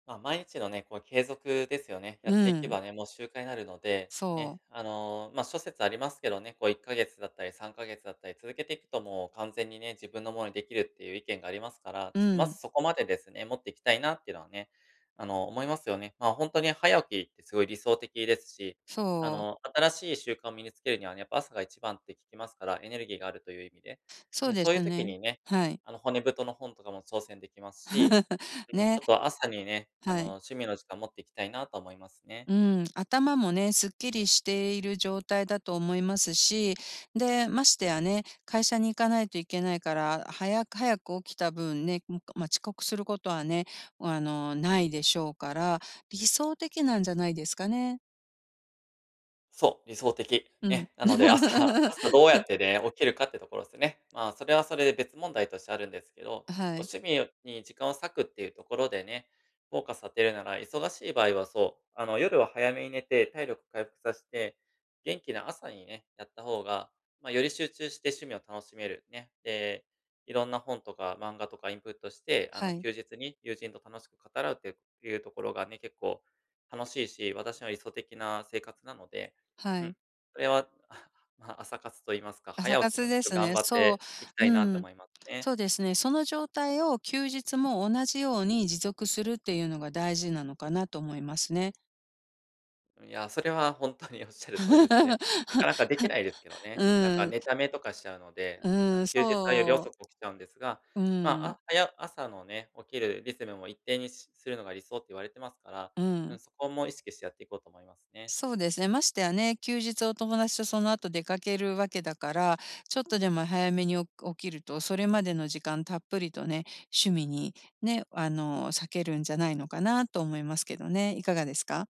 まあ、毎日のね、こう継続ですよね。やうっていけん。ばね、もう習慣になるので、そね。う。あの、ま、諸説ありますけどね。こう1ヶ月だったり3ヶ月だったり続けていくともう完全にね、自分のものに出来るっていう意見がありますから、うまん。ずそこまでですね、持っていきたいなっていうのはね、あの、思いますよね。まあ、ほんとに早起きってすごい理想的ですし、あそう。の、新しい習慣を身につけるにはね、やっぱ朝が一番って聞きますから、エネルギーがあるという意味で。うそうん、でそういうす時ね。にね、はい。あの、骨太の本とかも挑戦できますし、うん、ちね。ょっと朝にね、あはの、い。趣味の時間持っていきたいなと思いますね。うん、頭もね、すっきりしている状態だと思いますし。で、ましてやね、会社に行かないといけないから、早く早く起きた分ね、うん、かまあ、遅刻することはね、あの、ないでしょうから、理想的なんじゃないですかね？そう、理想的、うん。ね。なので朝朝どうやっ てね、起きるかってところっすね。まあ、それはそれで別問題としてあるんですけど、あ、はこうい。趣味に時間を割くっていうところでね、フォーカス当てるなら、忙しい場合はそう、あの、夜は早めに寝て体力回復さして、元気な朝にね、やった方が、ま、より集中して趣味を楽しめる、ね。で、色んな本とか漫画とかインプットして、あはの、い。休日に友人と楽しく語らうっていうところがね、結構、楽しいし、私の理想的な生活なので、はうん。い。それは、まあ、朝活と言いますか、朝早起きも活ね、でちょす頑ね、張っそう、ていきたいなうとん。思いますね。そうですね、その状態を休日も同じように持続するっていうのが大事なのかなと思いますね。いや、それはほんとに仰る通りですね。なか なか出来ないですけどね。なんうかん。寝溜めとかしちゃうので、あうのん、休日はよりそ遅く起きちゃうんですが、う。うま、あ、ん。はや朝のね、起きるリズムも一定にしするのが理想って言われてますから、ううん、ん。そこも意識してやっていこうと思いますね。そうですね、ましてやね、休日をお友達とその後出かけるわけだから、ちょっとでも早めに、お起きると、それまでの時間たっぷりとね、趣味に、ね、あの、割けるんじゃないのかなと思いますけどね。いかがですか？